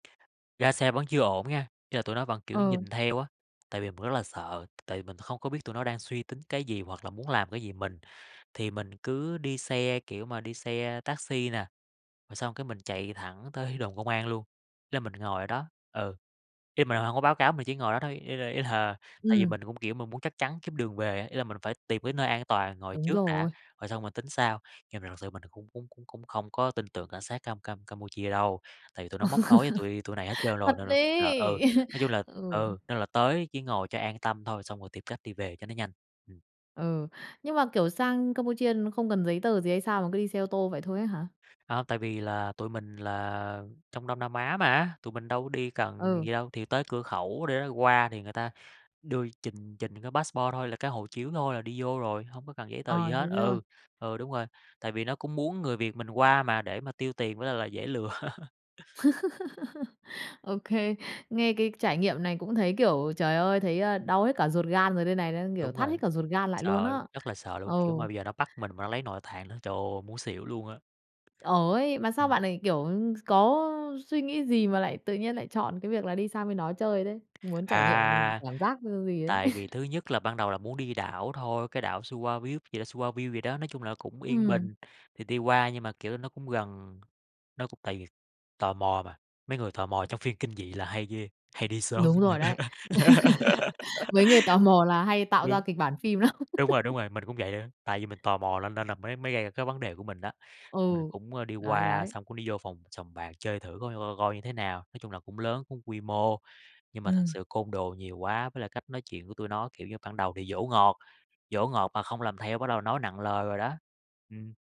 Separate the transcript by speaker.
Speaker 1: Ra xe vẫn chưa ổn nghen, ý là, tụi nó vẫn, kiểu,
Speaker 2: Ờ.
Speaker 1: nhìn theo á, tại vì mình rất là sợ, tại vì mình không có biết tụi nó đang suy tính cái gì hoặc là muốn làm cái gì mình, thì mình cứ đi xe, kiểu mà, đi xe taxi nà, rồi xong cái mình chạy thẳng tới đồn công an luôn, nên mình ngồi ở đó, ừ. Ý là mình hông có báo cáo, mình chỉ ngồi đó thôi, ý là ý là, tại vì
Speaker 2: Ừm.
Speaker 1: mình cũng, kiểu, mình muốn chắc chắn kiếm đường về á, ý là mình phải tìm cái nơi an toàn ngồi
Speaker 2: Đúng
Speaker 1: trước đã,
Speaker 2: rồi.
Speaker 1: rồi xong mình tính sau. Nhưng mà thật sự mình cũng cũng cũng cũng không có tin tưởng cảnh sát Cam Cam Campuchia đâu, tại vì tụi nó móc nối với tụi tụi này hết trơn rồi
Speaker 2: Thật
Speaker 1: nên là ờ, ừ,
Speaker 2: ấy!
Speaker 1: nói chung là
Speaker 2: Ừ.
Speaker 1: ừ, nên là tới chỉ ngồi cho an tâm thôi xong rồi tìm cách đi về cho nó nhanh. Ừm.
Speaker 2: Ừ, nhưng mà, kiểu, sang Campuchia không cần giấy tờ gì hay sao mà cứ đi xe ô tô vậy thôi á hả?
Speaker 1: Hông, tại vì là tụi mình là trong Đông Nam Á mà, tụi mình đâu đi cần
Speaker 2: Ừ.
Speaker 1: gì đâu, thì tới cửa khẩu để qua thì người ta đưa trình trình cái passport thôi, là cái hộ chiếu thôi là đi vô rồi, hông có cần giấy tờ gì
Speaker 2: Ờ, thế
Speaker 1: hết.
Speaker 2: thế thôi.
Speaker 1: Ừ, ừ đúng rồi, tại vì nó cũng muốn người Việt mình qua mà để mà tiêu tiền với lại là dễ lừa.
Speaker 2: OK, nghe cái trải nghiệm này cũng thấy, kiểu, trời ơi, thấy, ơ, đau hết cả ruột gan rồi đây này, đang, kiểu,
Speaker 1: Đúng
Speaker 2: thắt
Speaker 1: rồi,
Speaker 2: hết cả ruột gan lại luôn
Speaker 1: sợ,
Speaker 2: á.
Speaker 1: rất là sợ luôn!
Speaker 2: Ừ.
Speaker 1: Kiểu, mà bây giờ nó bắt mình mà lấy nội tạng nữa, trời ơi, muốn xỉu luôn á.
Speaker 2: Ờ, ấy, mà sao
Speaker 1: Ừm.
Speaker 2: bạn lại, kiểu, s có suy nghĩ gì mà lại tự nhiên lại chọn cái việc là đi sang bên đó chơi đấy, muốn trải nghiệm
Speaker 1: À!
Speaker 2: cảm giác gi gì đấy?
Speaker 1: Tại vì thứ nhất là ban đầu là muốn đi đảo thôi, cái đảo [unintelligible] gì đó [unintelligible] gì đó, nói chung là nó cũng yên
Speaker 2: Ừm.
Speaker 1: bình, thì đi qua nhưng mà, kiểu, nó cũng gần, nó cũng tại vì tò mò mà, mấy người tò mò trong phim kinh dị là hay ghê, hay đi sớm
Speaker 2: Đúng rồi
Speaker 1: lắm.
Speaker 2: đấy. Mấy người tò mò là hay tạo ra
Speaker 1: Đúng.
Speaker 2: kịch bản phim lắm!
Speaker 1: Đúng rồi, đúng rồi, mình cũng vậy nữa, tại vì mình tò mò lên nên la la mới mới gây ra cái vấn đề của mình á, mình
Speaker 2: Ừ,
Speaker 1: cũng, ơ, đi
Speaker 2: đấy,
Speaker 1: qua
Speaker 2: đấy.
Speaker 1: xong cũng đi vô phòng sòng bạc chơi thử coi coi coi như thế nào, nói chung là cũng lớn, cũng quy mô, nhưng mà thật
Speaker 2: Ừm.
Speaker 1: sự côn đồ nhiều quá với lại cách nói chuyện của tụi nó, kiểu như, ban đầu thì dỗ ngọt, dỗ ngọt mà không làm theo bắt đầu nói nặng lời rồi đó. Ừm.